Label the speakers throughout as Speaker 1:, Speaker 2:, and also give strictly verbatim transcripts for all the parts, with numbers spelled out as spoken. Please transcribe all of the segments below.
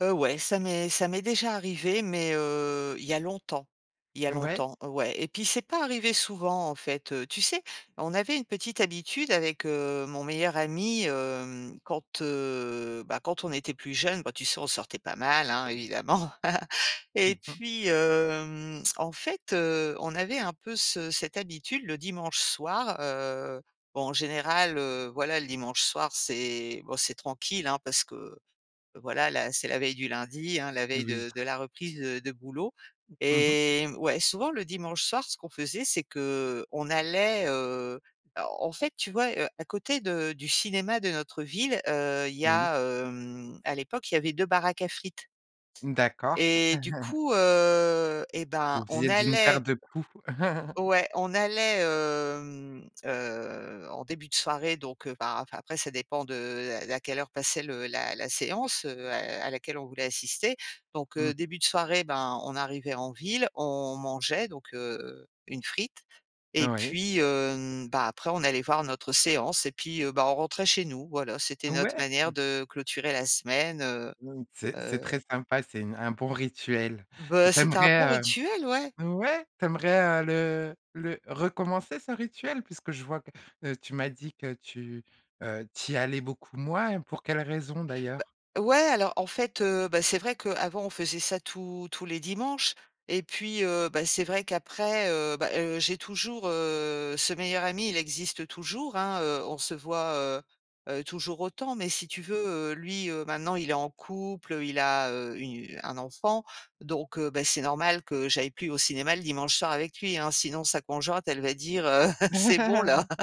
Speaker 1: Heu, ouais, ça m'est ça m'est déjà arrivé mais, heu, il y a longtemps, il y a
Speaker 2: Ouais.
Speaker 1: longtemps. Ouais. Et puis, c'est pas arrivé souvent, en fait. Tu sais, on avait une petite habitude avec, heu, mon meilleur ami, hem, quand, heu, bah, quand on était plus jeune, bah, tu sais, on sortait pas mal, hein, évidemment.
Speaker 2: Mmh
Speaker 1: Et
Speaker 2: mh.
Speaker 1: puis, hem, en fait, heu, on avait un peu ce cette habitude le dimanche soir, heu, bon, en général, heu, voilà, le dimanche soir, c'est bon, c'est tranquille, hein, parce que voilà, là, c'est la veille du lundi, hein, la veille
Speaker 2: Oui.
Speaker 1: de de la reprise de de boulot.
Speaker 2: Mmh mh.
Speaker 1: Et ouais, souvent le dimanche soir, ce qu'on faisait, c'est qu'on allait, heu, en en fait, tu vois, heu, à côté de du cinéma de notre ville, heu, il y
Speaker 2: Oui.
Speaker 1: a, hem, à l'époque, il y avait deux baraques à frites.
Speaker 2: D'accord.
Speaker 1: Et du coup, heu, et ben,
Speaker 2: Vous
Speaker 1: on
Speaker 2: faisiez d'une pierre
Speaker 1: allait
Speaker 2: deux coups.
Speaker 1: ouais, on allait, hem, heu, en début de soirée, donc heu, bah, enfin, après, ça dépend de la à quelle heure passait le la la séance, heu, à à laquelle on voulait assister. Donc
Speaker 2: Mmh
Speaker 1: heu,
Speaker 2: mh.
Speaker 1: début de soirée, ben, on arrivait en ville, on mangeait, donc heu, une frite. Et
Speaker 2: Oui.
Speaker 1: puis, hem, bah, après, on allait voir notre séance. Et puis, heu, bah, on rentrait chez nous. Voilà, c'était notre
Speaker 2: Ouais,
Speaker 1: manière
Speaker 2: mmh.
Speaker 1: de clôturer la semaine, heu
Speaker 2: Mmh. C'est c'est
Speaker 1: heu
Speaker 2: très sympa, c'est une un bon rituel.
Speaker 1: Bah,
Speaker 2: Tu
Speaker 1: c'était un bon
Speaker 2: aimerais,
Speaker 1: rituel, ouais.
Speaker 2: heu, ouais, tu aimerais, heu, le le recommencer ce rituel? Puisque je vois que, heu, tu m'as dit que tu, heu, tu y allais beaucoup moins. Pour quelle raison
Speaker 1: Bah,
Speaker 2: d'ailleurs?
Speaker 1: ouais, alors en fait, heu, bah, c'est vrai qu'avant, on faisait ça tous tous les dimanches. Et puis, heu, bah, c'est vrai qu'après, heu, bah, heu, j'ai toujours, heu, ce meilleur ami, il existe toujours, hein, heu, on se voit, heu heu, toujours autant. Mais si tu veux, heu, lui, heu, maintenant il est en couple, il a, heu, une un enfant, donc, bah, c'est normal que j'aille plus au cinéma le dimanche soir avec lui, hein, sinon sa conjointe, elle va dire: «Heu, c'est bon là».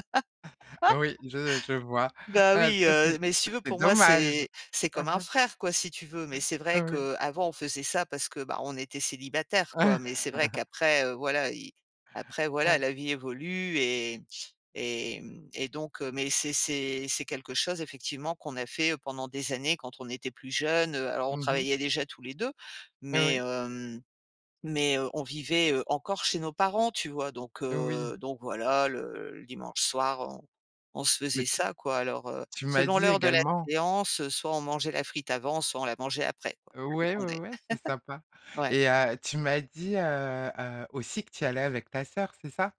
Speaker 2: Oui, je je vois,
Speaker 1: Bah
Speaker 2: heu,
Speaker 1: oui,
Speaker 2: ça c'est
Speaker 1: heu, mais si tu veux,
Speaker 2: c'est
Speaker 1: pour moi,
Speaker 2: dommage,
Speaker 1: c'est c'est
Speaker 2: mmh
Speaker 1: comme un
Speaker 2: mh.
Speaker 1: frère, quoi, si tu veux. Mais
Speaker 2: Heu,
Speaker 1: c'est vrai
Speaker 2: oui.
Speaker 1: qu'avant, on faisait ça parce que, bah, on était célibataires, quoi. Mais c'est vrai qu'après, heu, voilà, il après, voilà, la vie évolue et et mmh et donc, mais c'est c'est c'est quelque chose effectivement qu'on a fait pendant des années quand on était plus jeune, heu, alors on
Speaker 2: Mmh mh.
Speaker 1: travaillait déjà tous les deux, mais
Speaker 2: Oui.
Speaker 1: hem, mais heu, on vivait, heu, encore chez nos parents, tu vois? Donc,
Speaker 2: Oui.
Speaker 1: heu, donc voilà, le le dimanche soir, on on se faisait
Speaker 2: Mais tu
Speaker 1: ça, quoi. Alors, heu,
Speaker 2: tu m'as
Speaker 1: selon
Speaker 2: dit
Speaker 1: l'heure de la
Speaker 2: également
Speaker 1: séance, soit on mangeait la frite avant, soit on la mangeait après, quoi, ça
Speaker 2: Ouais, ouais,
Speaker 1: dépendait,
Speaker 2: ouais, c'est sympa.
Speaker 1: ouais.
Speaker 2: Et heu, tu m'as dit, heu heu, aussi que tu y allais avec ta sœur, c'est ça?